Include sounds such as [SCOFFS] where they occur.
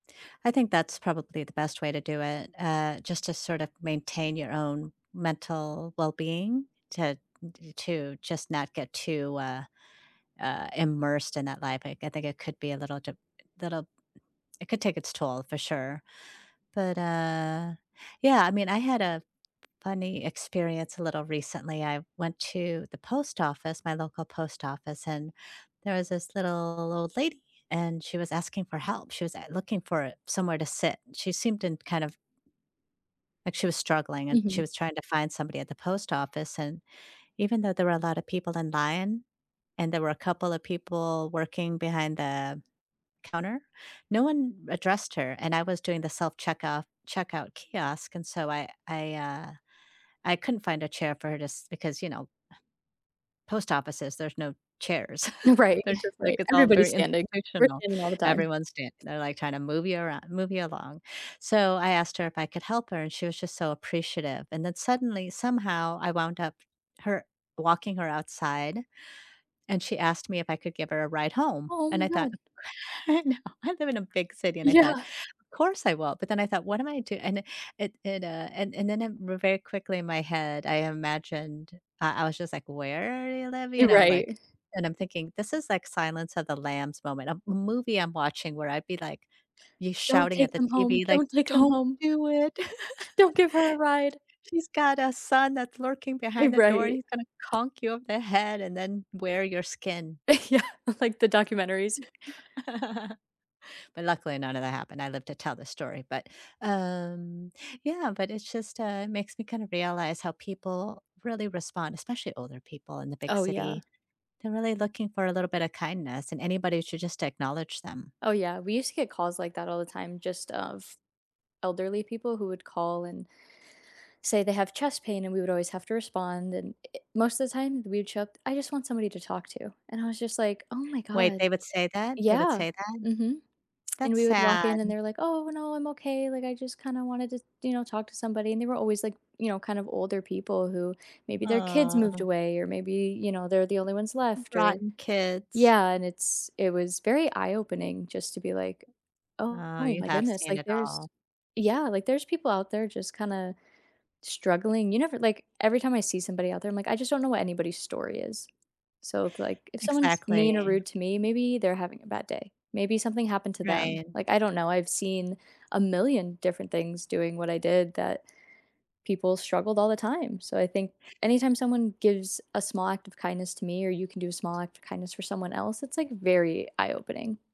I think that's probably the best way to do it, uh, just to sort of maintain your own mental well-being to t to just not get too, uh, uh, immersed in that life, I c I think it could be a little de little it could take its toll for sure. But, uh yeah, I mean, I had a funny experience a little recently, I went to the post office, my local post office, and there was this little old lady, and she was asking for help, she was a looking for a somewhere to sit, she seemed in kind of like she was struggling, and she Mhm. was trying to find somebody at the post office, and even though there were a lot of people in line, and there were a couple of people working behind the counter, no one addressed her, and I was doing the self-checkoff checkout kiosk, and so I I, uh I couldn't find a chair for her to si because, you know, [SCOFFS] post offices, there's no chairs. [CHUCKLES] Right, They're just like, right, it's all everybody's very standing, we're institutional, standing all the time. everyone's standing, their like, kinda move you around, move you along. So, I asked her if I could help her, and she was just so appreciative, and then suddenly, somehow, I wound up her walking her outside, and she asked me if I could give her a ride home, Oh, and my I thought, god. No, I live in a big city, and I thought, Yeah. "Of course I will," but then I thought, "What am I do" And then it it, uh and and then it ver very quickly in my head, I imagined uh, I was just like, "Where do you live?" You You're know, like, right. and I'm thinking this is like, "Silence of the Lambs moment," a movie I'm watching where I'd be like you, "Don't shouting at take the them home, TV, like, don't take them "Don't home." do it!" [CHUCKLES] "Don't give her a ride." [LAUGHS] "She's got a son that's lurking Eh, behind the door and right. he's gonna conk you over the head and then wear your skin." [LAUGHS] Yeah, like the documentaries? [LAUGHS] But, luckily none of that happened, I lived to tell the story, but, um Yeah, but it's just, uh, it makes me kind of realize how people really respond, especially older people in the big Oh, yeah. city. They're really looking for a little bit a kindness, and anybody should just acknowledge them. Oh yeah, we used to get calls like that all the time just of elderly people who would call and say they have chest pain, and we would always have to respond, and i i most the time, we would show up, "I just want somebody to talk to," and I was just like, "Oh my Wait, god." they would say that? They would Yeah, say that? mhm, and That's we would walk sad. in and they're like, "Oh, no, I'm okay," like, "I just kinda wanted to, you know, talk to somebody." And they were always like, you know, kind of older people who maybe their kids moved Aw. away or maybe, you know, they're the only ones R left or rotten kids. Yeah, and it's it was very eye-opening just to be like, Oh, "Oh you my have goodness, seen like, it there's" all. Yeah, like, "There's people out there just kinda struggling." You never like, every time I see somebody out there, I'm like, "I just don't know what anybody's story is." So, it's like, if someone's mean or Exactly. rude to me, maybe they're having a bad day, maybe something happened to them, Right. like, I don't know. I've seen a million different things doing what I did that people struggled all the time, so I think, anytime someone gives a small act of kindness to me, or you can do a small act of kindness for someone else, it's like very eye-opening.